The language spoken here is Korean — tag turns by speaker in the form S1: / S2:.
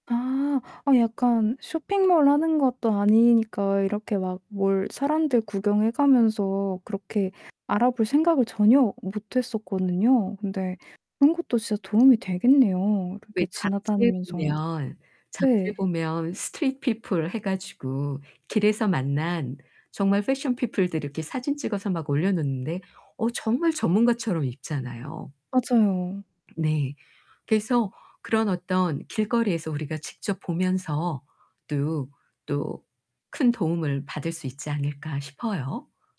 S1: 아 약간 쇼핑몰 하는 것도 아니니까 이렇게 막 뭘 사람들 구경해 가면서 그렇게 알아볼 생각을 전혀 못 했었거든요. 근데 그런 것도 진짜 도움이 되겠네요. 이렇게
S2: 왜 잡지에
S1: 지나다니면서.
S2: 보면 잡지에
S1: 네.
S2: 보면 스트리트 피플 해 가지고 길에서 만난 정말 패션 피플들 이렇게 사진 찍어서 막 올려놓는데 어 정말 전문가처럼 입잖아요.
S1: 맞아요.
S2: 네, 그래서 그런 어떤 길거리에서 우리가 직접 보면서 또 또 큰 도움을 받을 수 있지 않을까 싶어요.